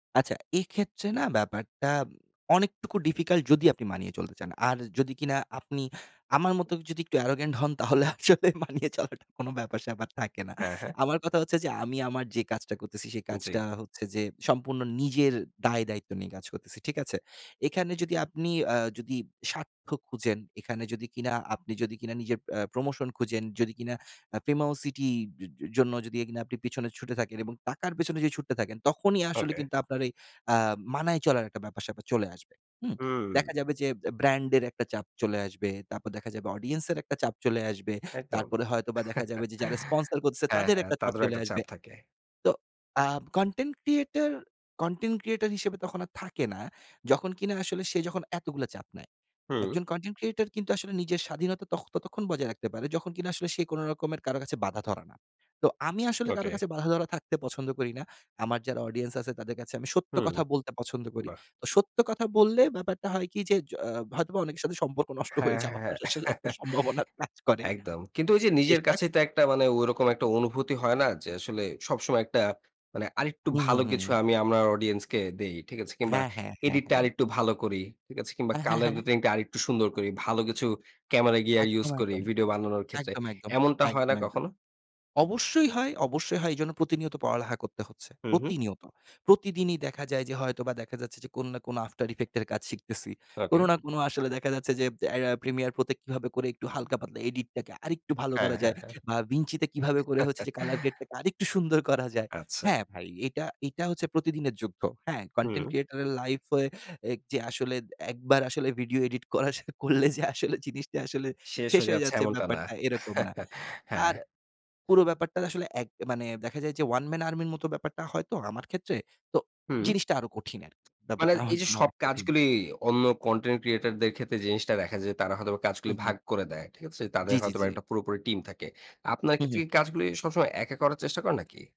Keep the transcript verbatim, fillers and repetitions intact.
আচ্ছা। এক্ষেত্রে না ব্যাপারটা, অনেকটুকু ডিফিকাল্ট যদি আপনি মানিয়ে চলতে চান। আর যদি কিনা আপনি, আমার মতো যদি একটু অ্যারোগেন্ট হন, তাহলে আসলে মানিয়ে চলাটা কোনো ব্যাপার-স্যাপার থাকে না। হ্যাঁ, হ্যাঁ। আমার কথা হচ্ছে যে, আমি আমার যে, কাজটা করতেছি, সে কাজটা জ্বী। হচ্ছে যে, সম্পূর্ণ নিজের দায়-দায়িত্ব নিয়ে কাজ করতেছি। ঠিক আছে? এখানে যদি আপনি আ যদি স্বার্থ খুঁজেন, এখানে যদি কিনা আপনি যদি কিনা নিজের অ্যা প্রমোশন খুঁজেন, যদি কিনা আ পেমাওসিটির জন্য যদি আপনি পিছনে ছুটে থাকেন। এবং টাকার পেছনে যদি ছুটতে থাকেন, তখনই আসলে ওকে। কিন্তু আপনার আ মানায় চলার একটা ব্যাপার-স্যাপার চলে আসবে। হু? হুম। দেখা যাবে যে, ব্র্যান্ড এর একটা চাপ চলে আসবে, তারপর দেখা যাবে অডিয়েন্স এর একটা চাপ চলে আসবে। একদম। তারপরে হয়তোবা দেখা যাবে যে, যারা স্পন্সর করতেছে, হ্যাঁ, তাদের হ্যাঁ। একটা চাপ তাদেরও চলে একটা আসবে। চাপ থাকে। তো, আ কনটেন্ট ক্রিয়েটর, কনটেন্ট ক্রিয়েটর হিসেবে তখন আর থাকে না। যখন কিনা আসলে সে যখন এতগুলো চাপ নেয়। এক হুম। জন কনটেন্ট ক্রিয়েটর কিন্তু আসলে নিজের স্বাধীনতা তখন, ততক্ষণ বজায় রাখতে পারে, যখন কিনা আসলে সে কোন রকমের কারো কাছে বাঁধা ধরা না। তো আমি আসলে কারো ওকে। কাছে বাঁধা ধরা থাকতে পছন্দ করি না। আমার যারা অডিয়েন্স আছে, তাদের কাছে আমি সত্য হুম, কথা বলতে পছন্দ করি। বাহ! সত্য কথা বললে ব্যাপারটা হয় কি যে, জ আ হয়তোবা অনেকের সাথে সম্পর্ক নষ্ট হয়ে হ্যাঁ, যাওয়ার হ্যাঁ। আসলে একটা সম্ভাবনা কাজ করে। একদম। কিন্তু ওই যে, নিজের [unintelligible] কাছেই তো একটা মানে ঐরকম একটা অনুভূতি হয় না, যে, আসলে সবসময় একটা মানে আরেকটু হু, হু, ভালো কিছু হুম। আমি আমার অডিয়েন্স কে দেই। ঠিক আছে? কিংবা হ্যাঁ, হ্যাঁ, হ্যাঁ, এডিটটা হ্যাঁ। আরেকটু ভালো করি। ঠিক আছে? কিংবা আ হ্যাঁ, কালার হ্যাঁ। রেটিং টা আরেকটু সুন্দর করি। ভালো কিছু ক্যামেরা গিয়ার ইউজ একদম, করি একদম। ভিডিও বানানোর ক্ষেত্রে। একদম, একদম। এমনটা হয় একদম, না একদম। কখনো? অবশ্যই হয়, অবশ্যই হয় এজন্য প্রতিনিয়ত পড়ালেখা করতে হচ্ছে। হু, হুম। প্রতিনিয়ত। প্রতিদিনই দেখা যায় যে, হয়তোবা দেখা যাচ্ছে যে, কোন না কোন আফটার ইফেক্ট এর কাজ শিখতেছি। কোন ওকে। না কোন আসলে দেখা যাচ্ছে যে, অ্যা অ্যা প্রিমিয়ার প্রত্যেক কিভাবে করে একটু হালকা পাতলা এডিট টাকে আরেকটু ভালো হ্যাঁ, করা হ্যাঁ, যায়। হ্যাঁ। বা ভিঞ্চিতে কিভাবে করে হচ্ছে যে, কালার গ্রেট টাকে আরেকটু সুন্দর করা যায়। আচ্ছা। হ্যাঁ, ভাই, এটা, এটা হচ্ছে প্রতিদিনের যুদ্ধ। হ্যাঁ? কনটেন্ট হুম। ক্রিয়েটর এর লাইফে, এক যে, আসলে এক বার আসলে ভিডিও এডিট করা শুরু করলে যে, আসলে জিনিসটা আসলে শেষ শেষ হয়ে হয়ে যাচ্ছে যাচ্ছে এমনটা না। ব্যাপারটা। এরকম না। হ্যাঁ। আর পুরো ব্যাপারটা আসলে এক মানে দেখা যায় যে, ওয়ান ম্যান আর্মির মতো ব্যাপারটা হয়তো আমার ক্ষেত্রে। তো, হুম। জিনিসটা আরো কঠিন আরকি। মানে, ব্যাপারটা আমার এই যে জন্য সব অনেক কঠিন। কাজগুলি, অন্য কনটেন্ট ক্রিয়েটরদের ক্ষেত্রে জিনিসটা দেখা যায়, তারা হয়তোবা হু, কাজগুলো হুম। ভাগ করে দেয়। ঠিক আছে? তাদের জ্বী, জ্বী, হয়তোবা জ্বী। একটা পুরোপুরি টিম থাকে। আপনার হু, ক্ষেত্রে কি হুম। কাজগুলি সবসময় একা করার চেষ্টা করেন নাকি?